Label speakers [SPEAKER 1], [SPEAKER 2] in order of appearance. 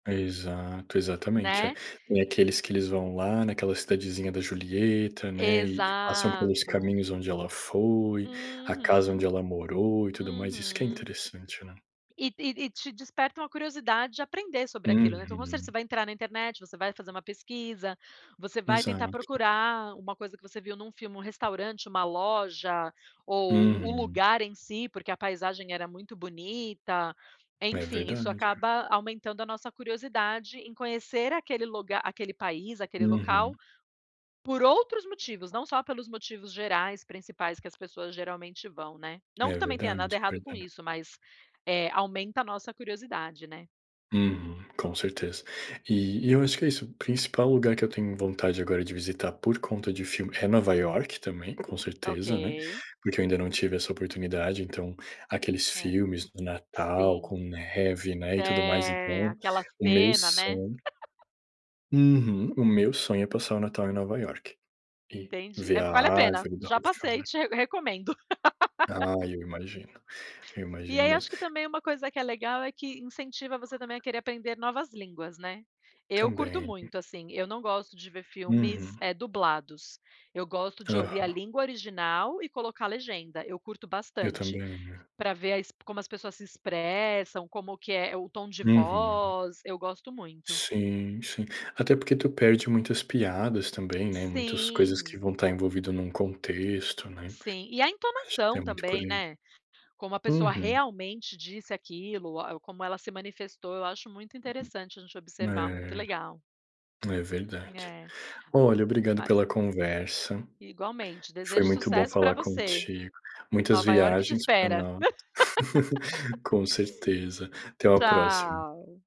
[SPEAKER 1] Exato, exatamente. É,
[SPEAKER 2] Né?
[SPEAKER 1] tem aqueles que eles vão lá naquela cidadezinha da Julieta, né, e passam pelos
[SPEAKER 2] Exato.
[SPEAKER 1] caminhos onde ela foi, a casa onde
[SPEAKER 2] Uhum.
[SPEAKER 1] ela morou e tudo mais. Isso que é
[SPEAKER 2] Uhum.
[SPEAKER 1] interessante, né.
[SPEAKER 2] E e e te desperta uma curiosidade de aprender sobre aquilo, né. Então, com certeza, você
[SPEAKER 1] Uhum.
[SPEAKER 2] vai entrar na internet, você vai fazer uma pesquisa, você vai tentar
[SPEAKER 1] Exato.
[SPEAKER 2] procurar uma coisa que você viu num filme, um restaurante, uma loja ou o
[SPEAKER 1] Uhum.
[SPEAKER 2] lugar em si, porque a paisagem era muito bonita,
[SPEAKER 1] É
[SPEAKER 2] enfim, isso
[SPEAKER 1] verdade.
[SPEAKER 2] acaba aumentando a nossa curiosidade em conhecer aquele luga aquele país, aquele
[SPEAKER 1] Uhum.
[SPEAKER 2] local, por outros motivos, não só pelos motivos gerais, principais que as pessoas geralmente vão, né. Não que
[SPEAKER 1] É
[SPEAKER 2] também tenha
[SPEAKER 1] verdade,
[SPEAKER 2] nada
[SPEAKER 1] é
[SPEAKER 2] errado com
[SPEAKER 1] verda
[SPEAKER 2] isso, mas, eh, aumenta a nossa curiosidade, né.
[SPEAKER 1] Uhum, com certeza. E e eu acho que é isso, o principal lugar que eu tenho vontade agora de visitar por conta de filme, é Nova York também, com certeza, né.
[SPEAKER 2] Ok.
[SPEAKER 1] Porque eu ainda não tive essa oportunidade, então, aqueles
[SPEAKER 2] É.
[SPEAKER 1] filmes do Natal
[SPEAKER 2] Sim.
[SPEAKER 1] com neve, né, e tudo mais,
[SPEAKER 2] É,
[SPEAKER 1] então,
[SPEAKER 2] aquela
[SPEAKER 1] o meu
[SPEAKER 2] cena, né?
[SPEAKER 1] son Uhum. O meu sonho é passar o Natal em Nova York e
[SPEAKER 2] Entendi.
[SPEAKER 1] ver
[SPEAKER 2] É po
[SPEAKER 1] a
[SPEAKER 2] vale a pena,
[SPEAKER 1] árvore da
[SPEAKER 2] já passei e
[SPEAKER 1] Rockefeller.
[SPEAKER 2] te re recomendo.
[SPEAKER 1] Ah, eu imagino. Eu
[SPEAKER 2] E
[SPEAKER 1] imagino
[SPEAKER 2] aí, eu
[SPEAKER 1] mesmo.
[SPEAKER 2] acho que também uma coisa que é legal, é que incentiva você também a querer aprender novas línguas, né. Eu curto
[SPEAKER 1] Também.
[SPEAKER 2] muito, assim, eu não gosto de ver filmes,
[SPEAKER 1] Uhum.
[SPEAKER 2] eh, dublados, eu gosto de ouvir a
[SPEAKER 1] Aham.
[SPEAKER 2] língua original e colocar legenda, eu curto
[SPEAKER 1] Eu
[SPEAKER 2] bastante,
[SPEAKER 1] também, né.
[SPEAKER 2] pra ver as como as pessoas se expressam, como que é o tom de
[SPEAKER 1] Uhum.
[SPEAKER 2] voz, eu gosto muito.
[SPEAKER 1] Sim. sim. Até porque tu perde muitas piadas também, né, muitas coisas que
[SPEAKER 2] Sim.
[SPEAKER 1] vão tá envolvido num contexto, né.
[SPEAKER 2] Sim. E a
[SPEAKER 1] Acho que tem
[SPEAKER 2] entonação
[SPEAKER 1] muito por
[SPEAKER 2] também,
[SPEAKER 1] aí.
[SPEAKER 2] né? Como a pessoa
[SPEAKER 1] Uhum.
[SPEAKER 2] realmente disse aquilo, o a como ela se manifestou, eu acho muito interessante a gente observar, muito
[SPEAKER 1] É,
[SPEAKER 2] legal.
[SPEAKER 1] é verdade.
[SPEAKER 2] É.
[SPEAKER 1] Olha obrigado
[SPEAKER 2] Mas
[SPEAKER 1] pela conversa,
[SPEAKER 2] Igualmente,
[SPEAKER 1] foi
[SPEAKER 2] desejo
[SPEAKER 1] muito bom
[SPEAKER 2] sucesso pra
[SPEAKER 1] falar
[SPEAKER 2] você.
[SPEAKER 1] contigo, muitas
[SPEAKER 2] Nova York te
[SPEAKER 1] viagens pra
[SPEAKER 2] espera.
[SPEAKER 1] nó Com certeza, até uma próxima.
[SPEAKER 2] Tchau.